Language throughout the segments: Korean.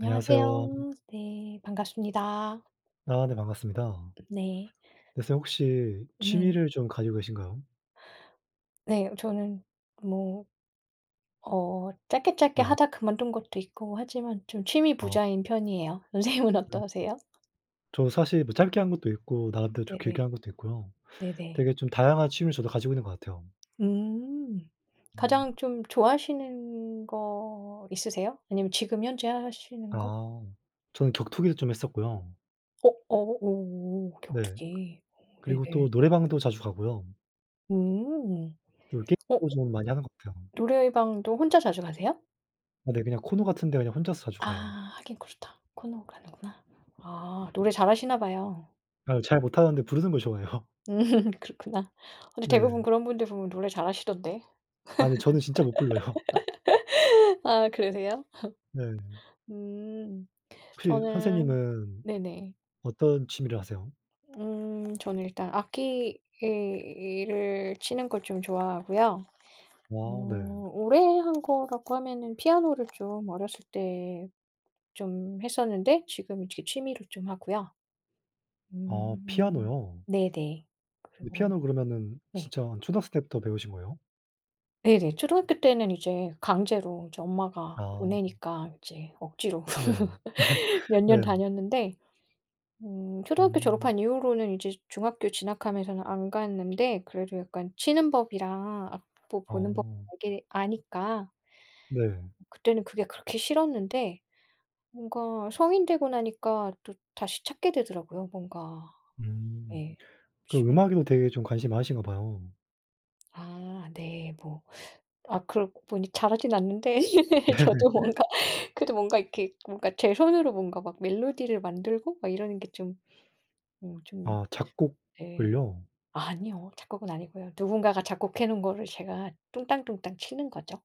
안녕하세요. 네. 반갑습니다. 아 네 반갑습니다. 네. 그래서 혹시 네. 취미를 좀 가지고 계신가요? 네. 저는 뭐 어 짧게 짧게 네. 하다 그만둔 것도 있고 하지만 좀 취미 어. 부자인 편이에요. 선생님은 음. 음. 어떠세요? 저 사실 뭐 짧게 한 것도 있고 나름대로 좀 네 길게 네. 한 것도 있고요. 네 네. 되게 좀 다양한 취미를 가지고 있는 것 같아요. 음 가장 음. 좀 좋아하시는 거 있으세요? 아니면 지금 현재 하시는 거? 아, 저는 격투기를 좀 했었고요. 어 어 오 네. 격투기. 그리고 네네. 또 노래방도 자주 가고요. 음 또 어 게임도 좀 많이 하는 것 같아요. 노래방도 혼자 자주 가세요? 아 네. 그냥 코노 같은데 그냥 혼자서 자주 아 가요. 하긴 그렇다. 코노 가는구나. 아 노래 잘하시나 봐요. 아 잘 못하는데 부르는 걸 좋아해요. 음 그렇구나. 어 근데 네. 대부분 그런 분들 보면 노래 잘하시던데. 아 근데 저는 진짜 못 불러요. 아 그러세요? 네. 음 혹시 저는 선생님은 네네. 어떤 취미를 하세요? 음 저는 일단 악기를 치는 걸 좀 좋아하고요. 와 네. 어 오래 한 거라고 하면은 피아노를 좀 어렸을 때 좀 했었는데 지금은 이제 취미로 좀 하고요. 아 음 피아노요? 네 네. 근데 그리고 피아노를 그러면은 네. 진짜 한 초등학생 때부터 배우신 거예요? 네네. 초등학교 때는 이제 강제로 이제 엄마가 아. 보내니까 이제 억지로 네. 몇 년 네. 다녔는데 음 초등학교 음. 졸업한 이후로는 이제 중학교 진학하면서는 안 갔는데 그래도 약간 치는 법이랑 악보 보는 법 어. 대개 아니까 네. 그때는 그게 그렇게 싫었는데 뭔가 성인 되고 나니까 또 다시 찾게 되더라고요. 뭔가 음. 네. 그럼 취 음악에도 되게 좀 관심이 많으신가 봐요. 아 네 뭐 아, 그러고 보니 잘하진 않는데 네. 저도 뭔가 그래도 뭔가 이렇게 뭔가 제 손으로 뭔가 막 멜로디를 만들고 막 이러는 게 좀 어 좀 아 네. 작곡을요? 아니요. 작곡은 아니고요. 누군가가 작곡해 놓은 거를 제가 뚱땅뚱땅 치는 거죠.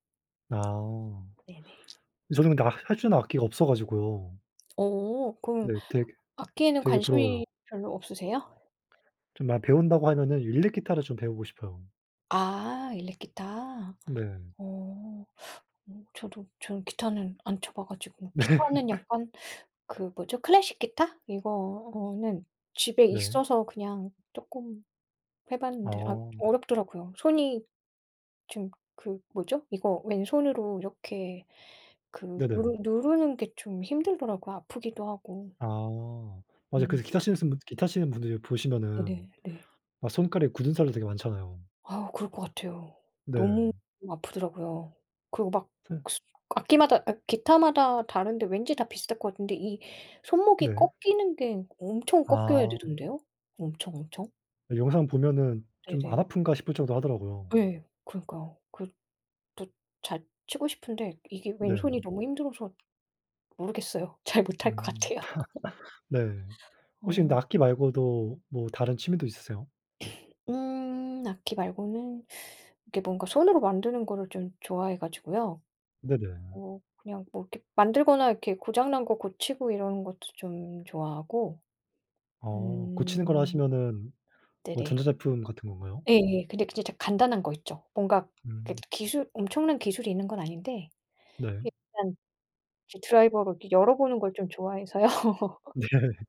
아. 네 네. 저는 근데 아 할 수 있는 악기가 없어 가지고요. 어. 그럼 네 되게 악기에는 되게 부러워요. 관심이 별로 없으세요? 좀 마 배운다고 하면은 일렉기타를 좀 배우고 싶어요. 아, 일렉기타. 네. 어. 어 저도 저는 기타는 안 쳐 봐 가지고 네. 기타는 약간 그 뭐죠? 클래식 기타? 이거는 집에 네. 있어서 그냥 조금 해 봤는데 아 어 어렵더라구요. 손이 지금 그 뭐죠? 이거 왼손으로 이렇게 그 네네. 누르 누르는 게 좀 힘들더라고요, 아프기도 하고. 아, 맞아요. 음. 그래서 기타 치는 시는 기타 치는 분들이 보시면은 네네 네. 막 손가락에 굳은살도 되게 많잖아요. 아, 그럴 거 같아요. 너무 네. 아프더라고요. 그리고 막 서 악기마다 어 기타마다 다른데 왠지 다 비슷할 것 같은데 이 손목이 네. 꺾이는 게 엄청 꺾여야 아. 되던데요 엄청 엄청? 영상 보면은 네 좀 '안 네. 아픈가.' 싶을 정도 하더라구요. 예, 그러니까요. 그 또 잘 치고 싶은데 이게 네. 왼손이 너무 힘들어서 모르겠어요. 잘 못할 것 음 같아요. 네. 혹시 근데 어. 악기 말고도 뭐 다른 취미도 있으세요? 음 악기 말고는 이렇게 뭔가 손으로 만드는 거를 좀 좋아해 가지고요. 네네. 어 그냥 뭐 이렇게 만들거나 이렇게 고장난 거 고치고 이러는 것도 좀 좋아하고. 어 고치는 거라 음. 하시면은 뭐 네네. 전자제품 같은 건가요? 예예. 근데 진짜 이제 간단한 거 있죠. 뭔가 이렇게 음. 기술 엄청난 기술이 있는 건 아닌데 네. 이게 그냥 이제 드라이버로 이렇게 열어보는 걸 좀 좋아해서요. 네.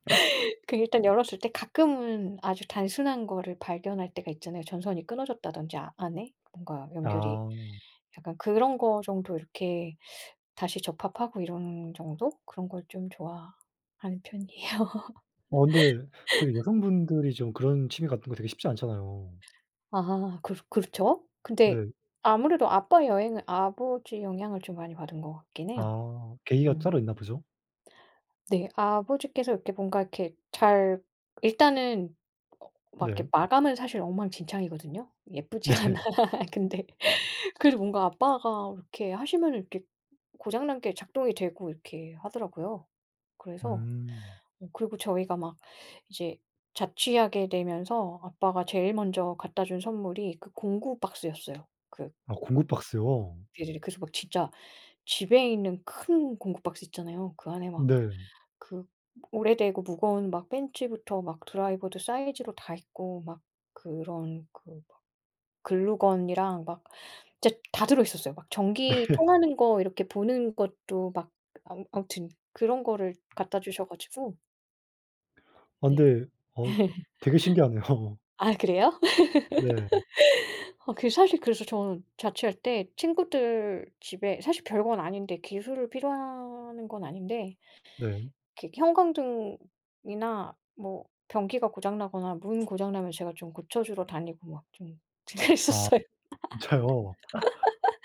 그 일단 열었을 때 가끔은 아주 단순한 거를 발견할 때가 있잖아요. 전선이 끊어졌다든지, 아 안에 뭔가 연결이. 아. 약간 그런 거 정도 이렇게 다시 접합하고 이런 정도? 그런 걸 좀 좋아하는 편이에요. 어 근데 되게 여성분들이 좀 그런 취미 같은 거 되게 쉽지 않잖아요. 아하 그 그렇죠? 근데 네. 아무래도 아빠 여행을 아버지의 영향을 좀 많이 받은 것 같긴 해요. 아 계기가 음. 따로 있나 보죠? 네, 아버지께서 이렇게 뭔가 이렇게 잘 일단은 어 막 네. 이렇게 마감은 사실 엉망진창이거든요. 예쁘지가 않아. 네. 근데 그래도 뭔가 아빠가 이렇게 하시면은 이렇게 고장난 게 작동이 되고 이렇게 하더라고요. 그래서 음. 어 그리고 저희가 막 이제 자취하게 되면서 아빠가 제일 먼저 갖다 준 선물이 그 공구 박스였어요. 그 아 공구 박스요. 예예. 그래서 막 진짜 집에 있는 큰 공구 박스 있잖아요. 그 안에 막 네. 그 오래되고 무거운 막 펜치부터 막 드라이버도 사이즈로 다 있고 막 그런 그 막 글루건이랑 막 진짜 다 들어있었어요. 막 전기 네 통하는 거 이렇게 보는 것도 막 아무 아무튼 그런 거를 갖다 주셔 가지고 아 네. 근데 어 되게 신기하네요. 아 그래요? 네. 아 그 사실 그래서 저는 자취할 때 친구들 집에 사실 별건 아닌데, 기술을 필요로 하는 건 아닌데 네. 이렇게 형광등이나 뭐 변기가 고장 나거나 문 고장 나면 제가 좀 고쳐 주러 다니고 막 좀 아 그랬었어요. 진짜요?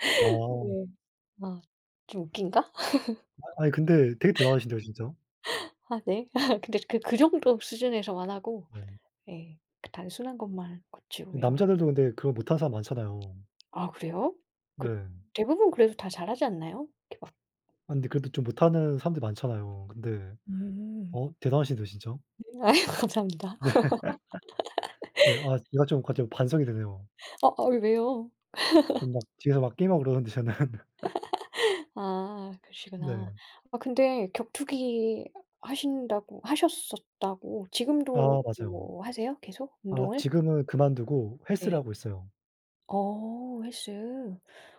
어. 네. 아 좀 웃긴가? 아 아니 근데 되게 대단하신데요, 진짜. 아 네. 근데 그 그 정도 수준에서만 하고 네. 예, 그 단순한 것만 이 고치고 이런 남자들도 근데 그런 거 못하는 사람 많잖아요. 아 그래요? 그 네. 대부분 그래도 다 잘하지 않나요? 이렇게 막 아, 근데 그래도 좀 못하는 사람들 많잖아요. 근데 음. 어 대단하신대요, 진짜. 음 아이 감사합니다. 네. 네 아 내가 좀 갑자기 반성이 되네요. 어 어이 왜요? 좀 막 뒤에서 막 게임하고 그러는데 저는. 아 네. 그러시구나. 아 근데 격투기 하신다고 하셨었다고 아, 지금도 맞아요. 뭐 하세요 계속 아, 운동을? 지금은 그만두고 헬스를 네. 하고 있어요. 어 헬스.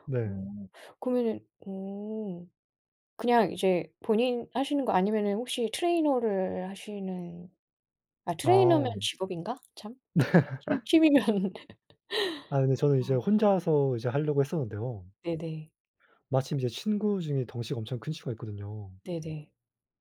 네. 어, 그러면은 음. 그냥 이제 본인 하시는 거 아니면은 혹시 트레이너를 하시는 아, 트레이너면 아. 직업인가 참? 네. 참, 취미면은 아이, 그 저는 이제 아. 혼자서 이제 하려고 했었는데요 네네. 마침 이제 친구중에 덩치가 엄청 큰 친구가 있거든요. 네네.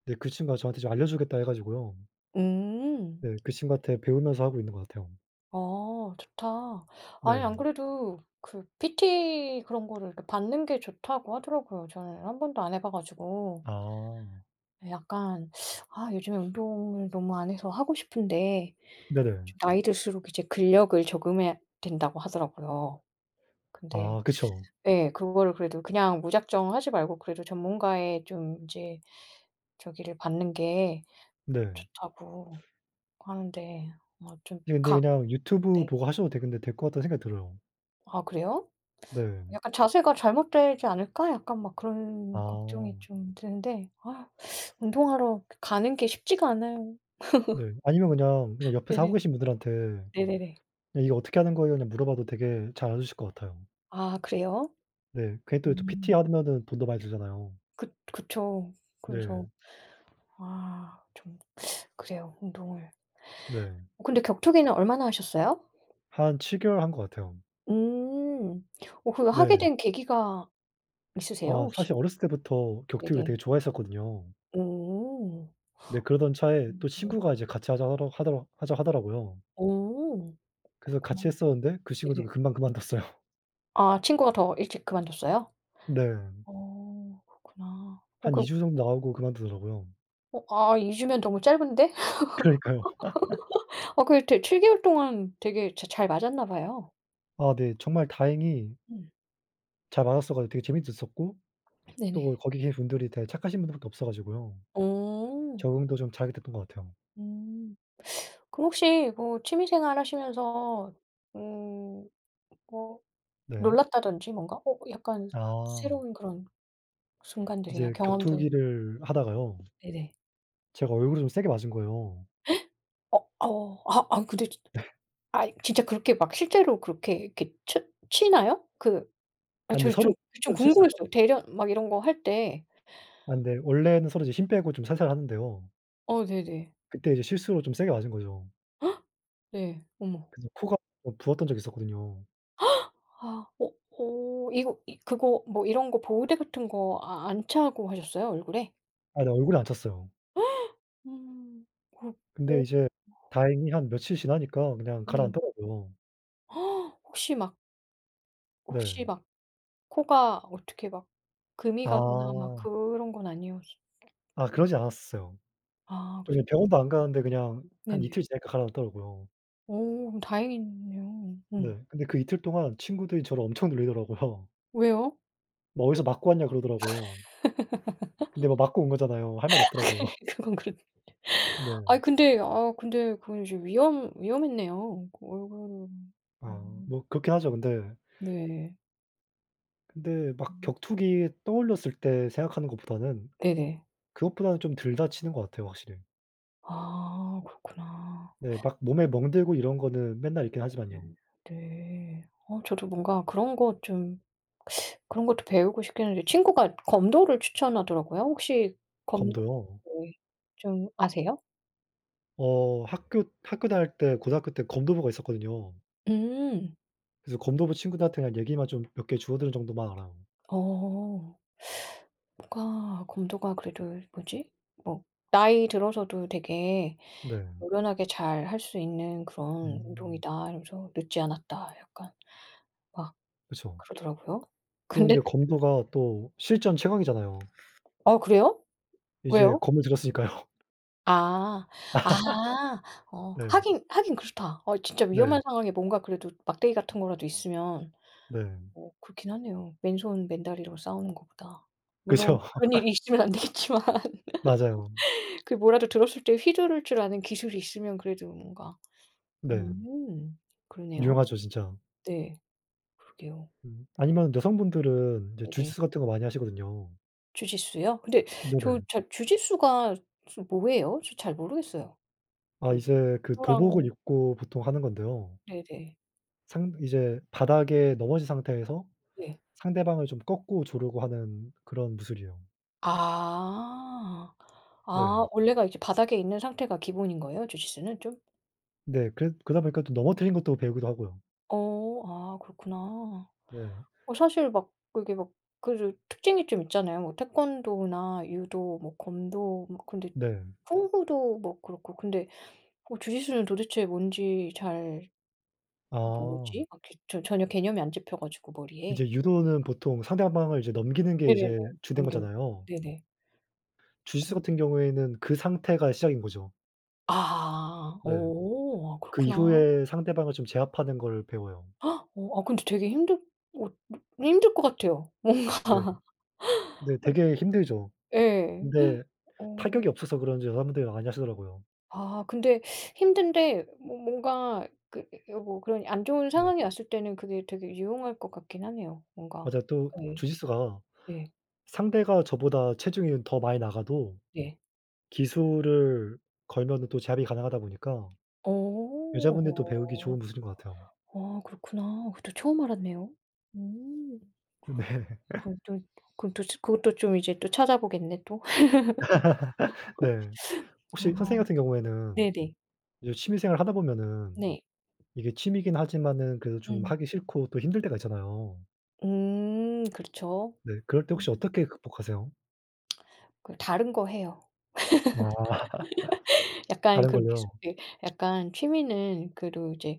네, 그 친구가 저한테 좀 알려 주겠다 해 가지고요 음. 네, 그 친구한테 배우면서 하고 있는 것 같아요. 어, 좋다. 아니, 네. 안 그래도 그 PT 그런 거를 이렇게 받는 게 좋다고 하더라고요 저는 1 번도 안 해 봐 가지고 아. 예, 약간 아, 요즘에 운동을 너무 안 해서 하고 싶은데 네네. 좀 나이 들수록 이제 근력을 저금해야 된다고 하더라고요. 근데 아, 그쵸. 예, 그런 거를 그래도 그냥 무작정 하지 말고 그래도 전문가의 좀 인제 저기를 받는 게 네. 좋다고 하는데 뭐 좀 예, 근데 각 그냥 유튜브 네. 보고하셔도 되는데, 될 것 같다는 생각이 들어요. 아 그래요? 네. 약간 자세가 잘못되지 않을까? 약간 막 그런 걱정이 아. 좀 드는데 아 운동하러 가는 게 쉽지가 않아요. 네. 아니면 그냥 그냥 옆에서 하고 네네. 계신 분들한테 네네네. "이거 어떻게 하는 거예요?" 그냥 물어봐도 되게 잘 알려 주실 것 같아요. 아 그래요? 네 그게 또 어. 이 PT하면은 돈도 많이 들잖아요. 그 그쵸. 네. 그래서 아 좀 그래요, 운동을. 네. 근데 격투기는 얼마나 하셨어요? 한 7 개월 한 것 같아요. 음 어 그 하게 네. 된 계기가 있으세요? 아 사실 혹시? 어렸을 때부터 격투기를 네네. 되게 좋아했었거든요. 어. 네 그러던 차에 음 또 네네. 친구가 이제 같이 하자 로 하다고 하자 하더라구요. 오 오 그래서 그렇구나. 같이 했었는데 그 친구도 네네. 금방 그만뒀어요. 아 친구가 더 일찍 그만뒀어요? 네. 어 그렇구나. 어 한 2 그럼 주 정도 나오고 그만두더라고요. 어 아 2 주면 너무 짧은데? 그러니까요. 어 그래도 7 개월 동안 되게 자 잘 맞았나 봐요. 아 네 정말 다행히 음. 잘 맞았어 가지고 되게 재미도 있었고 네네. 또 거기 계신 분들이 되게 착하신 분들 밖에 없어 가지고요, 어. 적응도 좀 잘 됐던 것 같아요. 음. 그럼 혹시 뭐 취미 생활하시면서 음, 뭐 네. 놀랐다든지 뭔가 어, 이 약간 아. 싫은 그런 순간들이나 이제 경험들 격투기를 하다가요 네네. 제가 얼굴을 좀 세게 맞은 거예요. 어, 아어 아, 아이 근데 네. 아이, 진짜 그렇게 막 실제로 그렇게 이렇게 쳐 치나요? 그 아, 아, 근데 저는 서로 좀 좀 서로 실수로 궁금했어요. 대련 막 이런 거 할 때 아, 근데 원래는 서로 이제 힘 빼고 좀 살살하는데요 어, 네네. 그때 이제 실수로 좀 세게 맞은 거죠. 네, 어머. 그래서 코가 좀 부었던 적이 있었거든요. 아, 어 어, 이거 이 그거 뭐 이런 거 보호대 같은 거 아 안 차고 하셨어요? 얼굴에 아, 네, 얼굴에 안 찼어요. 음. 어. 근데 이제 다행히 한 며칠 지나니까 그냥 네. 가라앉더라고요. 혹시 막 네. 혹시 막 코가 어떻게 막 금이 가거나 막 아. 그런 건 아니었어 아, 그러지 않았었어요. 아, 그래요? 저는 병원도 안 갔는데 그냥 네. 한 네네. 이틀 지나니까 가라앉더라고요. 어 그럼 다행이네요. 음. 네. 근데 그 이틀 동안 친구들이 저를 엄청 놀리더라고요. 왜요? 으. "뭐 어디서 맞고 왔냐."고 그러더라고요. 근데 뭐 맞고 온 거잖아요. 할 말이 없더라고요. 그건 그렇 아이 네. 근데 아 근데 그건 이제 위험 위험했네요. 그 얼굴은 아 음. 뭐 그렇긴 하죠. 근데 네. 근데 막 음. 격투기 떠올렸을 때 생각하는 것보다는 네네. 그것보다는 좀 덜 다치는 것 같아요. 확실히. 아 그렇구나. 네 막 몸에 멍들고 이런 거는 맨날 있긴 네. 하지만요. 네. 어 저도 뭔가 그런 것 좀 그런 것도 배우고 싶긴 한데 친구가 검도를 추천하더라고요. 혹시 검도 검도요? 네. 좀 아세요? 어 학교 학교 다닐 때 고등학교 때 검도부가 있었거든요. 음. 그래서 검도부 친구들한테 그냥 얘기만 좀 몇 개 주워들은 정도만 알아요. 어. 친구가 검도가 그래도 뭐지? 어 "나이 들어서도 되게 네. 노련하게 잘할 수 있는 그런 음. 운동이다." 이러면서 "늦지 않았다." 약간 막 그쵸. 그러더라고요. 또 근데 근데 검도가 또 실전 최강이잖아요. 아 그래요? 이제 왜요? 검을 들었으니까요. 아. 아. 어, 네. 하긴 하긴 그렇다. 어, 진짜 네. 위험한 상황에 뭔가 그래도 막대기 같은 거라도 있으면 네. 어, 그렇긴 하네요, 맨손 맨다리로 싸우는 것보다. 물론 그쵸. 그런 일이 있으면 안 되겠지만. 맞아요. 그 뭐라도 들었을 때 휘두를 줄 아는 기술이 있으면 그래도 뭔가 네. 음. 그러네요. 유용하죠, 진짜. 네, 그러게요. 음, 어. 아니면 여성분들은 인제 네네. 주짓수 같은 거 많이 하시거든요. 주짓수요? 근데 저 네네. 자 주짓수가 저 뭐예요? 저 잘 모르겠어요. 아, 그 이제 그 도복을 유도랑 입고 보통 하는 건데요 네네. 상 이제 바닥에 넘어진 상태에서 네. 상대방을 좀 꺾고 조르고 하는 그런 무술이에요. 아. 네. 아, 원래가 이제 바닥에 있는 상태가 기본인 거예요. 주짓수는 좀? 네, 그래 그러다 보니까 또 넘어뜨리는 것도 배우기도 하고요. 어, 아, 그렇구나. 네. 어, 사실 막 그게 막 그 좀 특징이 좀 있잖아요. 뭐 태권도나 유도 뭐 검도 막 근데 네. 쿵후도 뭐 그렇고 근데 뭐 주짓수는 도대체 뭔지 잘 아. 뭐지? 전 전혀 갑자기 개념이 안 잡혀 가지고 머리에. 이제 유도는 보통 상대방을 이제 넘기는 게 네네네. 이제 주된 넘기는 거. 거잖아요. 네네. 주짓수 공 같은 경우에는 그 상태가 시작인 거죠. 아. 네. 어. 아, 그 그렇구나. 이후에 상대방을 좀 제압하는 걸 배워요. 어, 아, 근데 되게 힘들 어, 네, 힘들 것 같아요, 뭔가. 네. 네, 되게 힘들죠. 예. 근데 어. 타격이 없어서 그런지 여자분들이 많이 하시더라고요. 아, 근데 힘든데 뭐 뭔가 그 그게 뭐 그런 안 좋은 네. 상황이 왔을 때는 그게 되게 유용할 것 같긴 하네요, 뭔가. 맞아요. 또 네. 주짓수가 예. 상대가 저보다 체중이 더 많이 나가도 예. 기술을 걸면은 또 제압이 가능하다 보니까 어. 여자분들도 배우기 어. 좋은 기술인 거 같아요. 어, 그렇구나. 그것도 처음 알았네요. 음. 네. 그럼 좀 그것도 좀 그것도 좀 이제 또 찾아보겠네, 또. 네. 아. 혹시 선생님 같은 경우에는 네네. 이제 취미 생활을 하다 보면은 네. 이게 취미이긴 하지만은 그래도 좀 음. 하기 싫고 또 힘들 때가 있잖아요. 음. 그렇죠. 네. 그럴 때 혹시 음. 어떻게 극복하세요? 그 다른 거 해요. 아. 약간 다른 그러기 걸로요. 쉬운 게 약간 취미는 그래도 이제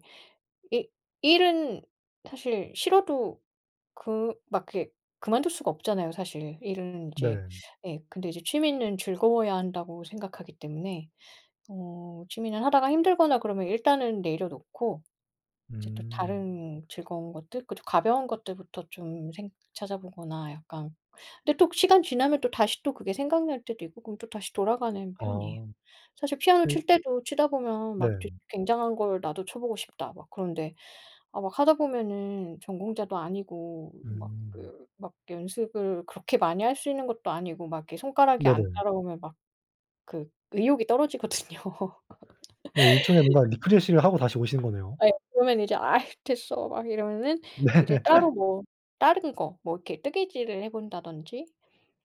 이 일은 사실 싫어도 그 막 이렇게 그만둘 수가 없잖아요, 사실은. 일은 인제 네. 예, 근데 이제 취미는 즐거워야 한다고 생각하기 때문에 어, 취미는 하다가 힘들거나 그러면 일단은 내려놓고 이제 또 음. 다른 즐거운 것들 그리고 가벼운 것들부터 좀 생 찾아보거나 약간 근데 또 시간 지나면 또다시 또 그게 생각날 때도 있고 그럼 또다시 돌아가는 편이에요. 아. 사실 피아노 네. 칠 때도 치다 보면 네. 막 좋 '굉장한 걸 나도 쳐보고 싶다.' 막 그런데 아, 막 하다 보면은 전공자도 아니고 막 음. 그 막 연습을 그렇게 많이 할 수 있는 것도 아니고 막 이렇게 손가락이 안 네네. 따라오면 막 그 의욕이 떨어지거든요. 네, 일종의 뭔가 리프레시를 하고 다시 오시는 거네요. 예, 그러면 이제 "아이 됐어." 막 이러면은 네. 이제 따로 뭐 다른 거 뭐 이렇게 뜨개질을 해본다든지,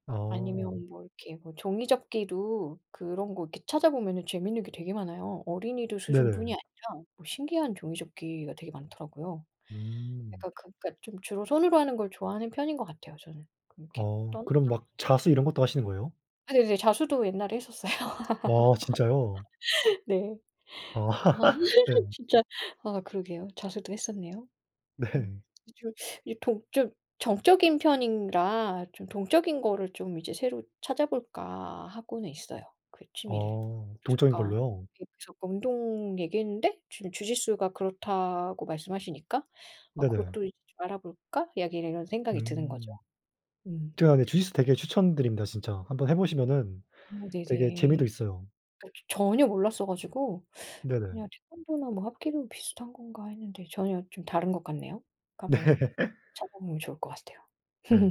어. 아니면 뭐 이렇게 뭐 종이접기도 그런 거 이렇게 찾아보면은 재밌는 게 되게 많아요. 어린이들 수준뿐이 네네. 아니라 뭐 신기한 종이접기가 되게 많더라고요. 음. 약간 그러니까 좀 주로 손으로 하는 걸 좋아하는 편인 것 같아요, 저는. 그렇게 어, 그럼 [unintelligible] 막 자수 이런 것도 하시는 거예요? 네네네. 자수도 옛날에 했었어요. 와, 진짜요? 네. 아, 아, 네. 진짜 아, 그러게요. 자수도 했었네요. 음, 네. 이 주로 이 동적 정적인 편이라 '좀 동적인 거를 좀 이제 새로 찾아볼까?' 하고는 있어요, 그 취미를. 어, 그래서 동적인 잠깐 걸로요? 그 저 운동 얘기했는데 지금 주짓수가 그렇다고 말씀하시니까 '아, 네네. 그것도 이제 좀 알아볼까?' 여기 이런 생각이 드는 거죠. 음. 음. 제가 근데 주짓수 되게 추천드립니다, 진짜. 한번 해 보시면은 음, 되게 네네. 재미도 있어요. 그러니까 저 전혀 몰랐어 가지고 네네. 그냥 태권도나 뭐 합기도 비슷한 건가 했는데 전혀 좀 다른 것 같네요. 네. 그러니까 뭐 찾아보면 좋을 것 같아요. 예.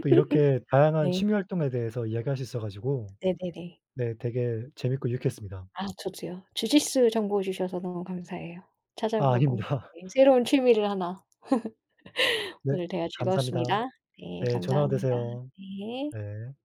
또 이렇게 다양한 네. 취미 활동에 대해서 이야기할 수 있어 가지고 네네네. 네, 되게 재밌고 유익했습니다. 아, 저도요. 주짓수 정보 주셔서 너무 감사해요. 아, 찾아보고 아닙니다. 예, 새로운 취미를 하나 네, 오늘 대화 감사합니다. 즐거웠습니다. 네, 네 좋은 하루 감사합니다. 되세요. 네. 네.